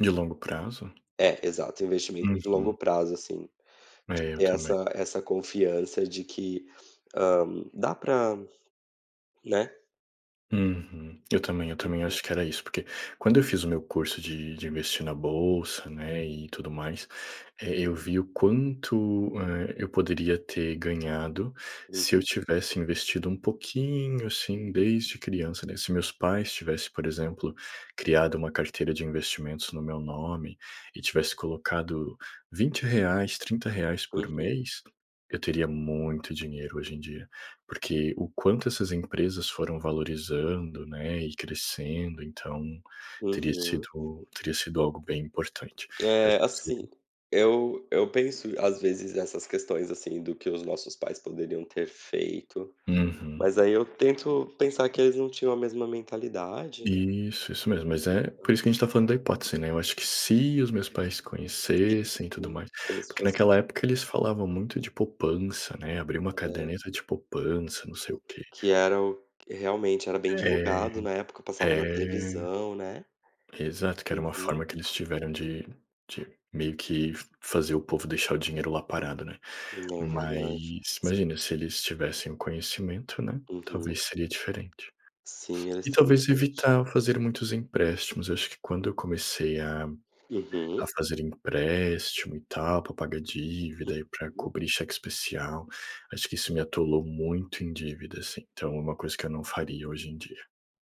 De longo prazo? É, exato, investimento de longo Uhum. prazo assim, de É, eu ter também. essa essa confiança de que, hã, dá pra né. Uhum, eu também eu também Uhum. acho que era isso porque, quando eu fiz o meu curso de de investir na bolsa, né, e tudo mais, eh, eu vi o quanto, eh, eu poderia ter ganhado se eu Uhum. tivesse investido um pouquinho assim desde criança, né, se meus pais tivessem, por exemplo, criado uma carteira de investimentos no meu nome e tivesse colocado 20 reais, 30 reais por Uhum. mês, eu teria muito dinheiro hoje em dia, porque o quanto essas empresas foram valorizando, né, e crescendo. Então, teria Uhum. sido teria sido algo bem importante. Eu É acho que assim, seria eu eu penso às vezes essas questões, assim, do que os nossos pais poderiam ter feito, Uhum. mas aí eu tento pensar que eles não tinham a mesma mentalidade, né. Isso, isso mesmo mas é, por Exato. isso que gente tá falando da hipótese, né, eu acho que se os meus pais conhecessem e tudo Sim, mais, como se porque fosse naquela época [unintelligible] eles falavam muito de poupança, né, abrir uma É. caderneta de poupança, não sei Que o quê. que era o realmente era bem É, divulgado na época, passava na é. televisão, né. Exato, que era uma Uhum. forma que eles tiveram de de meio que f fazer o povo deixar o dinheiro lá parado, né, É, verdade mas s imagina se eles tivessem o conhecimento, né, Uhum. talvez seria diferente. Sim, eles E sairam talvez a noite. evitar fazer muitos empréstimos, acho que quando eu comecei a Uhum. a fazer empréstimo e tal pra pagar dívida e para Uhum. cobrir cheque especial, acho que isso me atolou muito em dívidas, então é uma coisa que eu não faria hoje em dia.